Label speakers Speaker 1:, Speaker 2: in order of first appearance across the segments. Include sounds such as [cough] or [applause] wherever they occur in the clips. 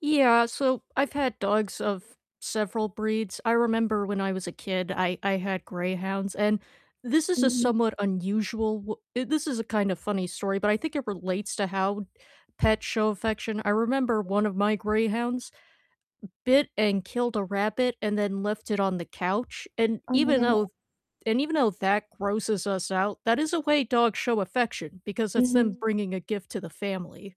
Speaker 1: Yeah, so I've had dogs of several breeds, I remember when I was a kid, I I had greyhounds, and this is a
Speaker 2: Mhm.
Speaker 1: somewhat unusual w uh, this is a kind of funny story, but I think it relates to how pets show affection, I remember one of my greyhounds bit and killed a rabbit and then left it on the couch, and
Speaker 2: Oh my
Speaker 1: even
Speaker 2: goodness.
Speaker 1: though and even though that grosses us out, that is a way dogs show affection because it's them
Speaker 2: Mhm.
Speaker 1: bringing a gift to the family.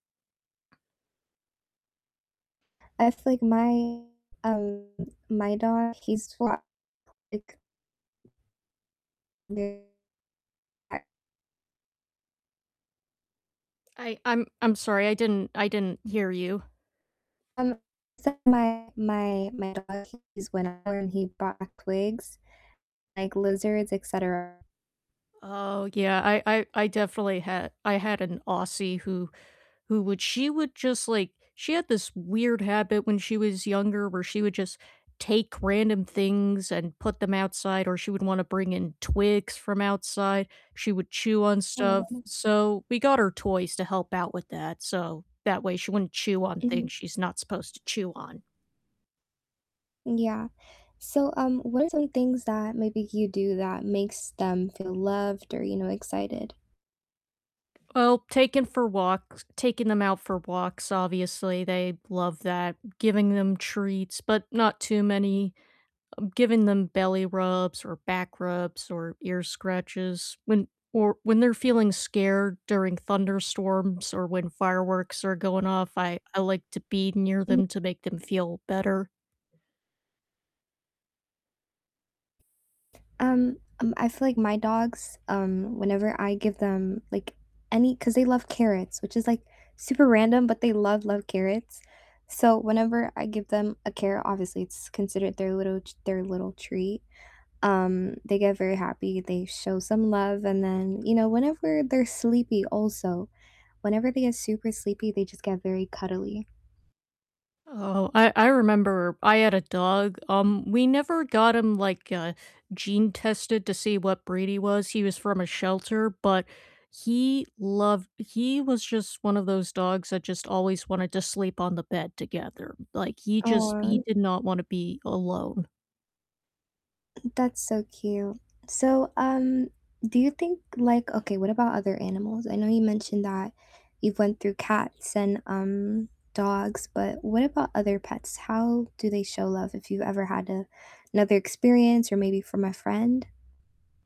Speaker 2: I feel like my um, my dog, he's [unintelligible] [unintelligible]
Speaker 1: I I'm I'm sorry, I didn't I didn't hear you.
Speaker 2: Um, so my my my dog, he's went out and he ba twigs, like, lizards, et cetera.
Speaker 1: Oh, yeah, I I I definitely had I had an Aussie who who would she would just, like she had this weird habit when she was younger where she would just take random things and put them outside, or she would wanna bring in twigs from outside, she would chew on
Speaker 2: Oh my
Speaker 1: stuff,
Speaker 2: god.
Speaker 1: so we got her toys to help out with that, so that way she wouldn't chew on
Speaker 2: Mhm.
Speaker 1: things she's not supposed to chew on.
Speaker 2: Yeah. So, um, what are some things that maybe you do that makes them feel loved or, you know, excited?
Speaker 1: Well, taking for walks taking 'em out for walks, obviously, they love that, giving them treats, but not too many, um, giving them belly rubs, or back rubs, or ear scratches when or when they're feeling scared during thunderstorms or when fireworks are going off, I I like to be near
Speaker 2: M
Speaker 1: them to make them feel better.
Speaker 2: Um, um, I feel like my dogs, um, whenever I give them, like, any 'cause they love carrots, which is, like, super random, but they love, love carrots, so whenever I give them a carrot- obviously it's considered their little t their little treat- um, they get very happy, they show some love, and then, you know, whenever they're sleepy also, whenever they get super sleepy, they just get very cuddly.
Speaker 1: Oh, I I remember I had a dog, um, we never got him, like, uh, gene tested to see what breed he was, he was from a shelter, but he loved he was just one of those dogs that just always wanted to sleep on the bed together, like, he just he
Speaker 2: Aw.
Speaker 1: did not wanna be alone.
Speaker 2: [clears throat] That's so cute. So, um, do you think like Okay, what about other animals? I know you mentioned that you've went through cats and, um, dogs, but what about other pets? How do they show love if you ever had another experience or maybe from a friend?